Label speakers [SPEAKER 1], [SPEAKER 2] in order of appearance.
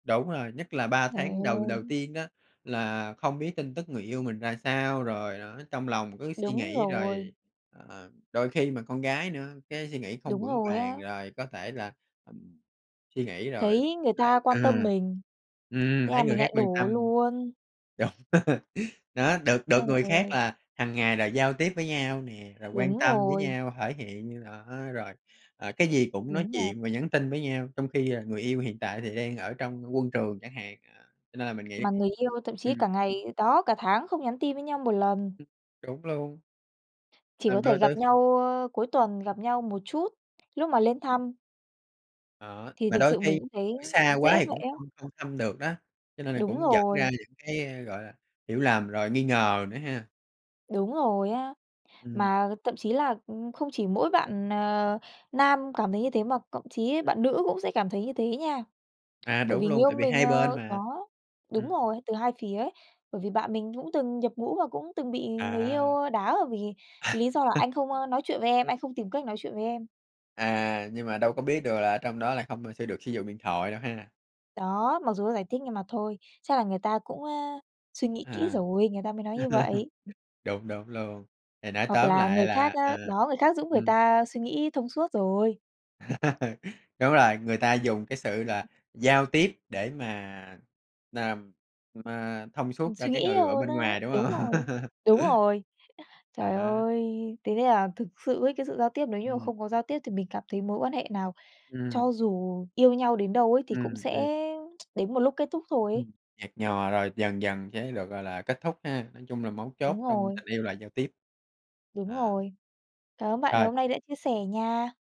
[SPEAKER 1] Đúng rồi, nhất là 3
[SPEAKER 2] Giời
[SPEAKER 1] tháng đầu đầu
[SPEAKER 2] ôi!
[SPEAKER 1] tiên á là không biết tin tức người yêu mình ra sao, rồi đó trong lòng cứ suy
[SPEAKER 2] Đúng
[SPEAKER 1] nghĩ
[SPEAKER 2] rồi.
[SPEAKER 1] rồi, ờ, đôi khi mà con gái nữa cái suy nghĩ không
[SPEAKER 2] Đúng
[SPEAKER 1] vững
[SPEAKER 2] rồi
[SPEAKER 1] vàng,
[SPEAKER 2] á.
[SPEAKER 1] rồi có thể là suy nghĩ rồi
[SPEAKER 2] Thấy
[SPEAKER 1] lại
[SPEAKER 2] người ta quan tâm
[SPEAKER 1] ừm,
[SPEAKER 2] mình,
[SPEAKER 1] ừm,
[SPEAKER 2] thế là
[SPEAKER 1] thấy người
[SPEAKER 2] mình
[SPEAKER 1] khác
[SPEAKER 2] lại
[SPEAKER 1] quan
[SPEAKER 2] đổ
[SPEAKER 1] tâm.
[SPEAKER 2] luôn.
[SPEAKER 1] Đúng, đó, được
[SPEAKER 2] Trời
[SPEAKER 1] được người khác
[SPEAKER 2] ơi!
[SPEAKER 1] là hằng ngày là giao tiếp với nhau nè, rồi quan
[SPEAKER 2] Đúng
[SPEAKER 1] tâm với
[SPEAKER 2] rồi.
[SPEAKER 1] nhau, thể hiện rõ rồi, a, ờ, cái gì cũng nói
[SPEAKER 2] Đúng rồi.
[SPEAKER 1] chuyện và nhắn tin với nhau, trong khi, à, người yêu hiện tại thì đang ở trong quân trường chẳng hạn, ờ, cho nên là mình nghĩ
[SPEAKER 2] Mà người yêu thậm chí
[SPEAKER 1] ừm.
[SPEAKER 2] cả ngày đó, cả tháng không nhắn tin với nhau một lần.
[SPEAKER 1] Đúng luôn.
[SPEAKER 2] Chỉ có
[SPEAKER 1] Làm
[SPEAKER 2] thể
[SPEAKER 1] đôi
[SPEAKER 2] gặp
[SPEAKER 1] đôi
[SPEAKER 2] nhau, ơ, cuối tuần gặp nhau một chút, lúc mà lên thăm.
[SPEAKER 1] Đó,
[SPEAKER 2] Thì
[SPEAKER 1] mà
[SPEAKER 2] thực
[SPEAKER 1] đôi
[SPEAKER 2] sự mình
[SPEAKER 1] khi
[SPEAKER 2] cũng thấy
[SPEAKER 1] ở xa quá
[SPEAKER 2] dễ
[SPEAKER 1] thì
[SPEAKER 2] vậy
[SPEAKER 1] cũng
[SPEAKER 2] á.
[SPEAKER 1] không không thăm được đó, cho nên là
[SPEAKER 2] Đúng
[SPEAKER 1] cũng dẫn ra
[SPEAKER 2] rồi.
[SPEAKER 1] những cái, a, gọi là, hiểu lầm rồi nghi ngờ nữa ha.
[SPEAKER 2] Đúng rồi á,
[SPEAKER 1] Ừm.
[SPEAKER 2] mà thậm chí là, ừm, không chỉ mỗi bạn, ờ, nam cảm thấy như thế mà cộng chí
[SPEAKER 1] Ừm.
[SPEAKER 2] bạn nữ cũng sẽ cảm thấy như thế nha.
[SPEAKER 1] À,
[SPEAKER 2] Bởi
[SPEAKER 1] đúng
[SPEAKER 2] vì người
[SPEAKER 1] luôn,
[SPEAKER 2] yêu
[SPEAKER 1] tại vì
[SPEAKER 2] mình,
[SPEAKER 1] hai bên
[SPEAKER 2] ờ
[SPEAKER 1] mà,
[SPEAKER 2] đó, đúng
[SPEAKER 1] ừm.
[SPEAKER 2] rồi, từ hai phía ấy, bởi vì bạn mình cũng từng nhập ngũ và cũng từng bị người yêu,
[SPEAKER 1] À.
[SPEAKER 2] ơ, đá, ờ, vì cái lý do là anh không, ơ, nói chuyện với em, anh không tìm cách nói chuyện với em.
[SPEAKER 1] À, nhưng mà đâu có biết được là trong đó là không, a, sử được sử dụng điện thoại đâu ha.
[SPEAKER 2] Đó, mặc dù nó giải thích nhưng mà thôi, chắc là người ta cũng, ơ, suy nghĩ kỹ
[SPEAKER 1] À.
[SPEAKER 2] rồi, người ta mới nói như vậy.
[SPEAKER 1] Đúng, đúng luôn, thì nói
[SPEAKER 2] Hoặc
[SPEAKER 1] tóm
[SPEAKER 2] là người
[SPEAKER 1] lại
[SPEAKER 2] khác
[SPEAKER 1] là à,
[SPEAKER 2] á, đó, người khác giúp người
[SPEAKER 1] ừm.
[SPEAKER 2] ta suy nghĩ thông suốt rồi.
[SPEAKER 1] Đúng rồi, người ta dùng cái sự là giao tiếp để mà làm, ờ, thông
[SPEAKER 2] Ừm,
[SPEAKER 1] suốt cho
[SPEAKER 2] suy
[SPEAKER 1] cái
[SPEAKER 2] nghĩ
[SPEAKER 1] người ở
[SPEAKER 2] hơn
[SPEAKER 1] bên
[SPEAKER 2] á,
[SPEAKER 1] ngoài, đúng
[SPEAKER 2] đúng
[SPEAKER 1] hông?
[SPEAKER 2] rồi, đúng rồi. Trời
[SPEAKER 1] À.
[SPEAKER 2] ơi, thế nên là thực sự ấy cái sự giao tiếp nếu như mà
[SPEAKER 1] Ừm.
[SPEAKER 2] không có giao tiếp thì mình cảm thấy mối quan hệ nào
[SPEAKER 1] Ừm.
[SPEAKER 2] cho dù yêu nhau đến đâu ấy thì cũng
[SPEAKER 1] Ừm,
[SPEAKER 2] sẽ
[SPEAKER 1] b
[SPEAKER 2] đến một lúc kết thúc thôi ấy.
[SPEAKER 1] Ừm, nhạt nhòa rồi dần dần sẽ được, gọi là, kết thúc ha, nói chung là mấu chốt
[SPEAKER 2] Đúng
[SPEAKER 1] trong
[SPEAKER 2] rồi.
[SPEAKER 1] tình yêu là giao tiếp.
[SPEAKER 2] Đúng
[SPEAKER 1] À.
[SPEAKER 2] rồi. Cảm ơn bạn ngày
[SPEAKER 1] Rồi.
[SPEAKER 2] hôm nay đã chia sẻ nha.